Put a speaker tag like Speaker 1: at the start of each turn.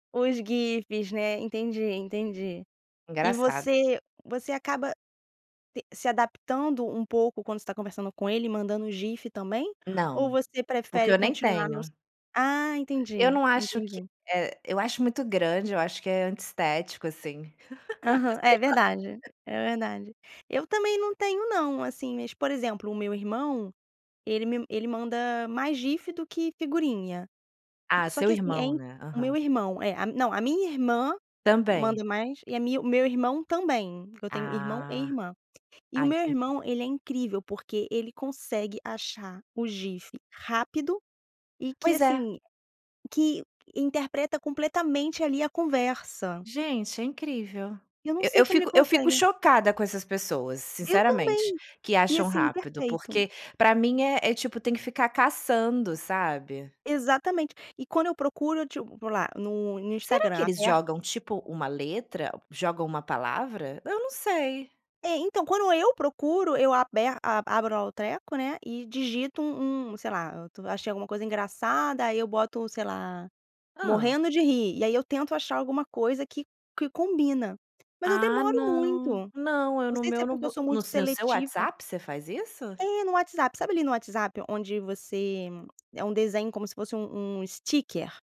Speaker 1: Os GIFs, né, entendi, entendi. E
Speaker 2: Engraçado.
Speaker 1: você você acaba t se adaptando um pouco quando você está conversando com ele mandando GIF, também? Ou
Speaker 2: Não,
Speaker 1: você
Speaker 2: porque
Speaker 1: prefere
Speaker 2: eu nem
Speaker 1: continuar nos
Speaker 2: tenho.
Speaker 1: Ah,
Speaker 2: Eu
Speaker 1: entendi,
Speaker 2: não acho que
Speaker 1: entendi.
Speaker 2: eh, eu acho muito grande, eu acho que é antiestético, assim. Eu
Speaker 1: Aham.
Speaker 2: sei
Speaker 1: É
Speaker 2: lá.
Speaker 1: verdade, é verdade. Eu, também, não tenho não, assim, mas, por exemplo, o meu irmão, ele me ele manda mais GIF do que figurinha.
Speaker 2: Ah,
Speaker 1: Só
Speaker 2: seu
Speaker 1: que, assim, é
Speaker 2: irmão,
Speaker 1: in
Speaker 2: né.
Speaker 1: O meu
Speaker 2: Aham.
Speaker 1: irmão é, a não, a minha irmã
Speaker 2: Também.
Speaker 1: manda mais, e a minha o meu irmão também, porque eu tenho irmão e
Speaker 2: Ah.
Speaker 1: irmã. E
Speaker 2: Ah,
Speaker 1: o meu
Speaker 2: entendi.
Speaker 1: irmão, ele é incrível, porque ele consegue achar o GIF rápido e que,
Speaker 2: Pois é.
Speaker 1: assim, que interpreta completamente ali a conversa.
Speaker 2: Gente, é incrível.
Speaker 1: Eu não
Speaker 2: Eu
Speaker 1: sei
Speaker 2: eu
Speaker 1: como ele
Speaker 2: fico eu fico
Speaker 1: consegue.
Speaker 2: chocada com essas pessoas,
Speaker 1: Eu,
Speaker 2: sinceramente,
Speaker 1: também,
Speaker 2: que
Speaker 1: e,
Speaker 2: acham
Speaker 1: assim,
Speaker 2: rápido,
Speaker 1: perfeito.
Speaker 2: porque para mim é é, tipo, tem que ficar caçando, sabe.
Speaker 1: Exatamente. E quando eu procuro eu, tipo, vou lá no no
Speaker 2: Será que
Speaker 1: Instagram
Speaker 2: eles
Speaker 1: aberto
Speaker 2: jogam, tipo, uma letra, jogam uma palavra? Eu não sei.
Speaker 1: É ,então ,quando eu procuro, eu aber abe abro lá, o treco, né, e digito um um sei lá, achei alguma coisa engraçada, aí eu boto, sei lá,
Speaker 2: Hã.
Speaker 1: "morrendo de rir", e aí eu tento achar alguma coisa que que combina, mas eu
Speaker 2: Ah
Speaker 1: demoro muito.
Speaker 2: não, não, eu
Speaker 1: Não
Speaker 2: no
Speaker 1: sei se
Speaker 2: meu
Speaker 1: é
Speaker 2: no
Speaker 1: porque eu
Speaker 2: bo
Speaker 1: sou
Speaker 2: no
Speaker 1: muito
Speaker 2: seu no seu
Speaker 1: seletiva.
Speaker 2: WhatsApp você faz isso?
Speaker 1: É no WhatsApp. Sabe ali, no WhatsApp, onde você é um desenho como se fosse um um sticker.